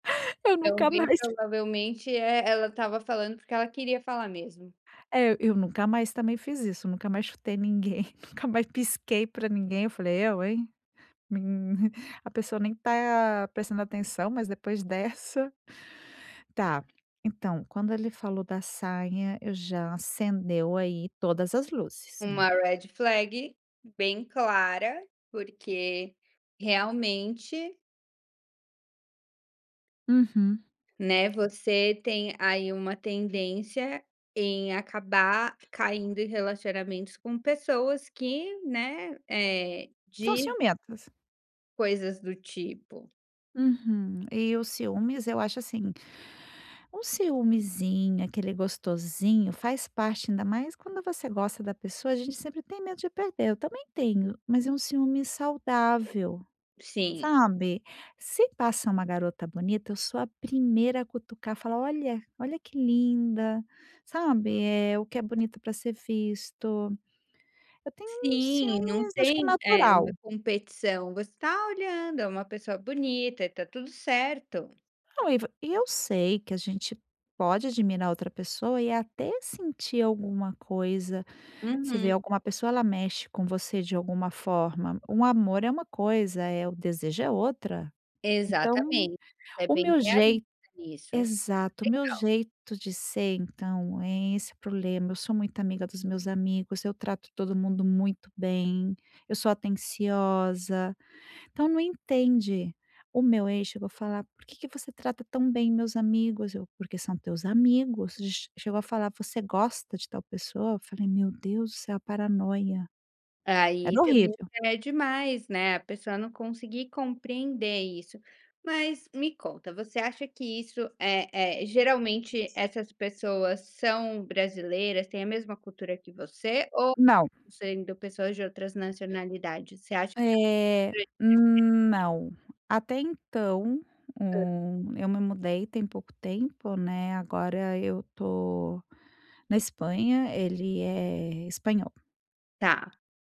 Eu Então, nunca bem mais. provavelmente, eh, ela estava falando, porque ela queria falar mesmo. É, eu nunca mais também fiz isso, nunca mais chutei ninguém, nunca mais pisquei para ninguém. Eu falei: "Eu, hein". Mim a pessoa nem está prestando atenção, mas depois dessa. Tá, então, quando ele falou da saia, eu já acendeu aí todas as luzes, né. Uma red flag bem clara, porque realmente Uhum. né, você tem aí uma tendência em acabar caindo em relacionamentos com pessoas que, né, eh, São de ciumentas. coisas do tipo. Uhum. E o ciúmes, eu acho assim, um ciumezinho, aquele gostosinho, faz parte, ainda mais quando você gosta da pessoa, a gente sempre tem medo de perder, eu também tenho, mas é um ciúme saudável, Sim. sabe. Se passa uma garota bonita, eu sou a primeira a cutucar, falar: "Olha, olha que linda", sabe, eh, o que é bonito para ser visto. Eu tenho um Sim, não ciúmes acho que é tem, eh, uma natural. competição. Você está olhando, é uma pessoa bonita e está tudo certo. Não e va e eu sei que a gente pode admirar outra pessoa e até sentir alguma coisa. Você Uhum. vê alguma pessoa, ela mexe com você de alguma forma. Um amor é uma coisa, eh, o desejo é outra. Então Exatamente, foi o bem meu realista jei nisso. Exato. O meu Legal. jeito de ser, então, é esse o problema, eu sou muito amiga dos meus amigos, eu trato todo mundo muito bem, eu sou atenciosa, então não entende. O meu ex chegou a falar: "Por que que você trata tão bem meus amigos?", eu: "Porque são teus amigos", ch chegou a falar: "Você gosta de tal pessoa?", eu falei: "Meu Deus do céu, paranoia", É, aí era também horrível. já é demais, né, a pessoa não conseguir compreender isso. Mas, me conta, você acha que isso, eh eh, geralmente essas pessoas são brasileiras, têm a mesma cultura que você ou Não. sendo pessoas de outras nacionalidades? Você acha que Eh, [unintelligible] hum, não. Até então, Hã. o eu me mudei tem pouco tempo, né, agora eu estou na Espanha, ele é espanhol. Tá.